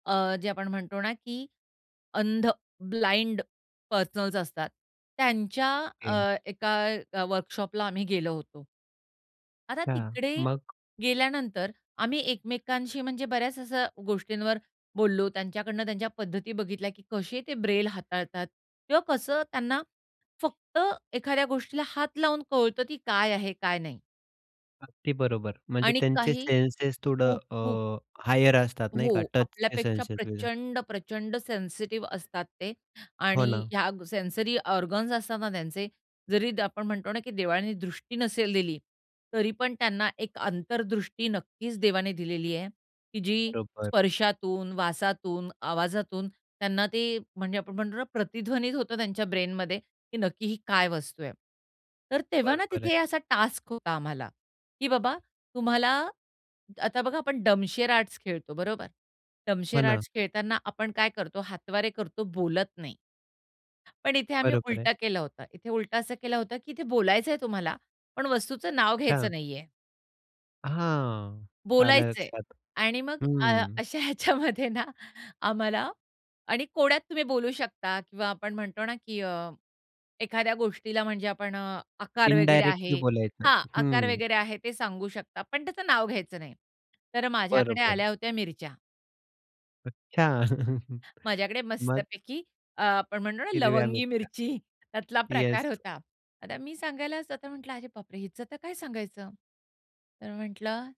अ, जे आपण म्हणतो ना की अंध, ब्लाइंड पर्सनल्स असतात. त्यांच्या ओके. अ, एका वर्कशॉपला आम्ही गेलो होतो. आता हां, तिकडे मग? गेल्यानंतर आम्ही एकमेकांशी म्हणजे बऱ्याच अशा गोष्टींवर बोललो. त्यांच्याकडनं त्यांच्या पद्धती बघितल्या, की कसे ते ब्रेल हाताळतात किंवा कसं त्यांना फक्त एखाद्या गोष्टीला हात लावून कळतं, की काय आहे काय नाही? अगदी बरोबर, म्हणजे आणि त्यांचे काही सेन्सेस थोडं खूप, खूप. अ, हायर असतात नाही हो, का टचचे आपल्यापेक्षा सेन्सेस [unintelligible] प्रचंड, प्रचंड सेन्सिटिव्ह असतात ते हो आणि ना. ह्या सेन्सरी ऑर्गन्स असता ना त्यांचे जरी आपण म्हणतो ना की देवाने दृष्टी नसेल दिली, तरी पण त्यांना एक अंतर्दृष्टी नक्कीच देवाने दिलेली आहे, की जी बरोबर. स्पर्शातून, वासातून, आवाजातून त्यांना ते म्हणजे आपण म्हणतो ना प्रतिध्वनीत होतं त्यांच्या ब्रेनमध्ये, की नक्की ही काय वस्तू आहे? तर तेव्हा ना बरोबर तिथे आहे. असा टास्क होता आम्हाला की बाबा तुम्हाला आता बघा आपण डमशेर आर्ट्स खेळतो बरोबर, हो डमशेर ना. आर्ट्स खेळताना आपण काय करतो हातवारे करतो, बोलत नाही. पण इथे आम्ही बरोबर उलट आहे. केलं होतं. इथे उलट असं केलं होतं, की इथे बोलायचंय तुम्हाला, पण वस्तूचं नाव घ्यायचं हां. नाहीये. हां, आलं बोलायचं आहे लक्षात. आणि मग अ, हं. अशा ह्याच्यामध्ये ना आम्हाला आणि कोड्यात तुम्ही बोलू शकता किंवा आपण म्हणतो ना की अ, एखाद्या गोष्टीला म्हणजे आपण अ, आकार वगैरे इंडायरेक्टली आहे. बोलायचं. हां, आकार हं. वगैरे आहे ते सांगू शकता, पण त्याचं नाव घ्यायचं नाही. तर माझ्याकडे बरोबर. आल्या होत्या मिरच्या. अच्छा! माझ्याकडे मग? मस्तपैकी अ, आपण म्हणतो ना हिरव्या लवंगी मिरच्या. मिरची त्यातला प्रकार येस. होता. आता मी सांगायला तर म्हटलं "अरे बापरे, हिचं तर काय सांगायचं?" तर म्हटलं